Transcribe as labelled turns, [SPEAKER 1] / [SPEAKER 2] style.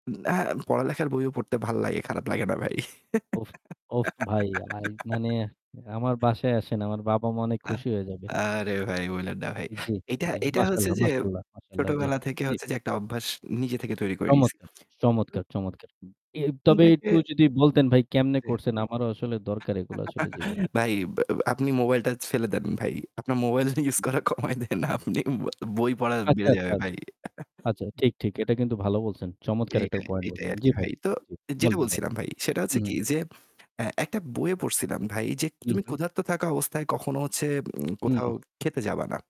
[SPEAKER 1] উ আ পড়ালেখার বইও পড়তে ভাল লাগে, খারাপ লাগে না ভাই।
[SPEAKER 2] উফ! উফ! ভাই, মানে মানে আমার বাসায় আসেন। আমার বাবা-মা অনেক
[SPEAKER 1] আ
[SPEAKER 2] খুশি হয়ে যাবে।
[SPEAKER 1] আরে ভাই বইলেন না ভাই।
[SPEAKER 2] জি,
[SPEAKER 1] এইটা
[SPEAKER 2] জি,
[SPEAKER 1] এইটা হচ্ছে
[SPEAKER 2] মাশাল্লাহ,
[SPEAKER 1] যে
[SPEAKER 2] মাশাল্লাহ, মাশাল্লাহ। জি,
[SPEAKER 1] ছোটবেলা থেকে
[SPEAKER 2] জি।
[SPEAKER 1] হচ্ছে যে একটা অভ্যাস নিজে থেকে তৈরি করে নিছি।
[SPEAKER 2] চমৎকার, চমৎকার,
[SPEAKER 1] [unintelligible]
[SPEAKER 2] চমৎকার। এ
[SPEAKER 1] তখন
[SPEAKER 2] তবে
[SPEAKER 1] থেকে
[SPEAKER 2] একটু যদি বলতেন ভাই কেমনে
[SPEAKER 1] যে
[SPEAKER 2] করছেন? আমারও আসলে দরকার এগুলা আসলে জীবনে।
[SPEAKER 1] ভাই, আপনি মোবাইলটা ফেলে দেন ভাই। আপনার মোবাইলটা ইউজ
[SPEAKER 2] উ
[SPEAKER 1] করা কমায় দেন, আপনি
[SPEAKER 2] উ
[SPEAKER 1] বই পড়া
[SPEAKER 2] আচ্ছা,
[SPEAKER 1] বেড়ে যাবে
[SPEAKER 2] আচ্ছা,
[SPEAKER 1] ভাই।
[SPEAKER 2] আচ্ছা, ঠিক, ঠিক। এটা কিন্তু ভালো বলছেন। চমৎকার একটা
[SPEAKER 1] এইটাই,
[SPEAKER 2] point
[SPEAKER 1] এইটাই
[SPEAKER 2] বলছেন।
[SPEAKER 1] আর
[SPEAKER 2] জি
[SPEAKER 1] কি
[SPEAKER 2] ভাই।
[SPEAKER 1] ভাই। তো
[SPEAKER 2] জি
[SPEAKER 1] যেটা
[SPEAKER 2] [unintelligible]
[SPEAKER 1] বলছিলাম ভাই সেটা
[SPEAKER 2] উ
[SPEAKER 1] হচ্ছে কি
[SPEAKER 2] হু।
[SPEAKER 1] যে, এ একটা বইয়ে পড়ছিলাম ভাই যে
[SPEAKER 2] উ
[SPEAKER 1] তুমি
[SPEAKER 2] হু।
[SPEAKER 1] ক্ষুধার্ত থাকা অবস্থায় কখনো হচ্ছে উ
[SPEAKER 2] উ
[SPEAKER 1] কোথাও
[SPEAKER 2] হু।
[SPEAKER 1] খেতে যাবা না।